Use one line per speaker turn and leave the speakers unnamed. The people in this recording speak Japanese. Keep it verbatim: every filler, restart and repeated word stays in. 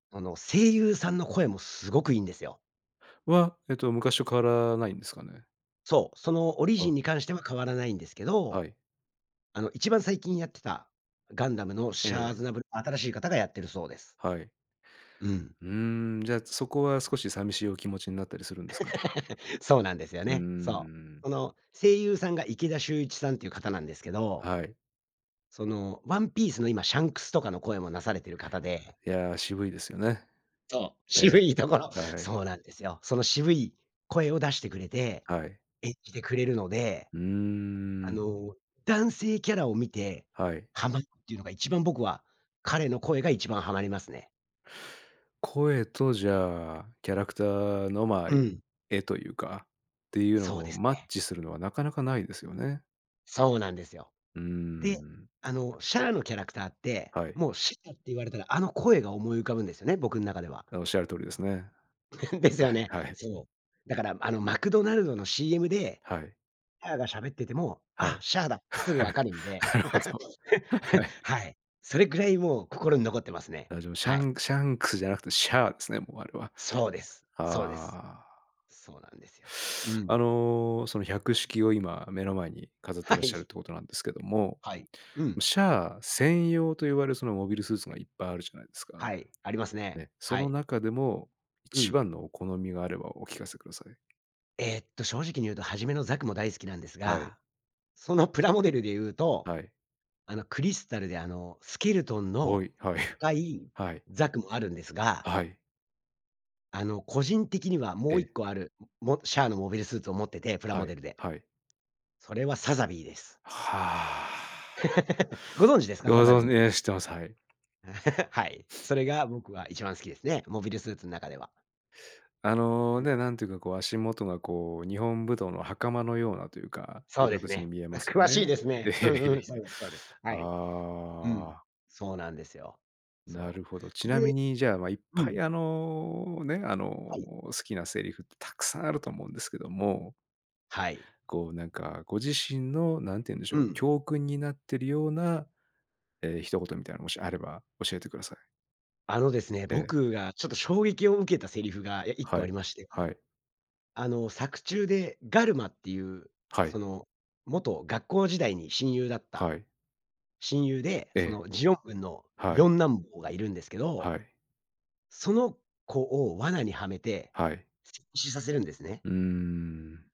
あの、声優さんの声もすごくいいんですよ。
は、えっと昔と変わらないんですかね？
そう、そのオリジン
あ。
に関しては変わらないんですけ
は
ど、
い。
あの、一番最近やってたガンダムの
え
シャア・アズナブ
え。
ル、新しい方がやっているそうです。
はい。
うん。
うーん、じゃあそこは、少し寂しいお気持ちになったりするんですか？
そうなんですよ
うー
ね。そう。
ん。
その声優さんが池田秀一さんていう方なんですけど。
はい。
その ONE PIECE の今、シャンクスとかの声もなされてる方で。
いや、渋いですよね。
そう、
え
渋い
え、
ところ。
はい。
そうなんですよ。その渋い声を出してくれて、
はい。
演じてくれるので、
うー
あ
ん。
の、男性キャラを見て
はい。
ハマるっていうのが、一番僕は、彼の声が一番ハマりますね。
声と、じゃあ、キャラクターの、ま、
うん。
絵というか、っていうの
そうで
を
す
マッ
ね。
チするのはなかなかないですよね。
そうなんですよ。
うー
で、
ん。
あのシャアのキャラクターって、
はい。
もうしったって言われたら、あの声が思い浮かぶんですよね。僕ん中では。
あ、仰る通りですね。
です
は
よ
い
ね。
はい。
そう。だから、あのマクドナルドの CM で
はい。
シャアが喋ってても、
は
あ、
い。
シャアだってすぐ分かるんで。
なるほど。は い。
はい。それぐらいもう心に残ってますね。
あ、じゃあ、も、シャ
はい。
ンクシャンクスじゃなくてシャアですね、もうあれは。
そうです、そうです。
ああ。
そうなんですよ。う
あ
ん。
の、その、百式を今目の前に飾って
は
らっしゃるっ
い。
ていうことなんですけども、
はい。う
ま、
ん。
シャア専用と言われるそのモビルスーツがいっぱいあるじゃないですか。
はい、ありますね。
ね、そ
は
の
い。
中でも、
う
一
ん。
番のお好みがあればお聞かせください。
えっと、正直に言うと初めのザクも大好きなんです
はい。
が、そのプラモデルで言うと、
はい。
あの、クリスタルで、あの、スケルトン
お
の
い、はい、
深い
はい。
ザクもあるんです
あ、
が。
はい。
あの、個人的には、
え
もういっ
え。
こある、モモシャアのモビルスーツを持ってて、プラ
は
モ
い、
デルで。
はい。
それはサザビーです。
はあ。
ご存知ですか？
ご
サザ
存じ
ビー。
ね、知ってます、はい。
はい。それが僕は一番好きですね。モビルスーツん中では。
あの、
ん
ね、なんていうか、こう、足元がこう、日本武道の袴のようなというか、っ
そ
て
うです
形に
ね。
見え
あ、
ますよ
詳し
ね。
いです
いえ
ね。
いえ
う
い
ん
え
う
い
ん、そ
え。
うですそうです。はい。うん、
ああ。
そうなんですよ。
な
そ
るほど。ち
う。
な
で
みに、じゃあ、ま、いっ
う
ぱい、
ん。
あのね、あの、
はい。
好きなセリフってたくさんあると思うんですけども
はい。
こう、なんか、ご自身のなんていうんでしょ
う
う、
ん。
教訓になってるような、ええ、一言みたいなのがもしあれば、教えてください。
あのですね、
ええ。
僕がちょっと衝撃を受けたセリフが、え、いっ
は
こあり
い、
まして。
はい。
あの、作中でガルマっていう、
は
そ
い。
の元学校時代に親友だった
はい。
親友で、
え
そ
え。
のジオン軍の
はい。
よんなんぼうがいるんですけ
は
ど。
い。
その子を罠にはめて、
はい。
しさせるんですね。
うーん。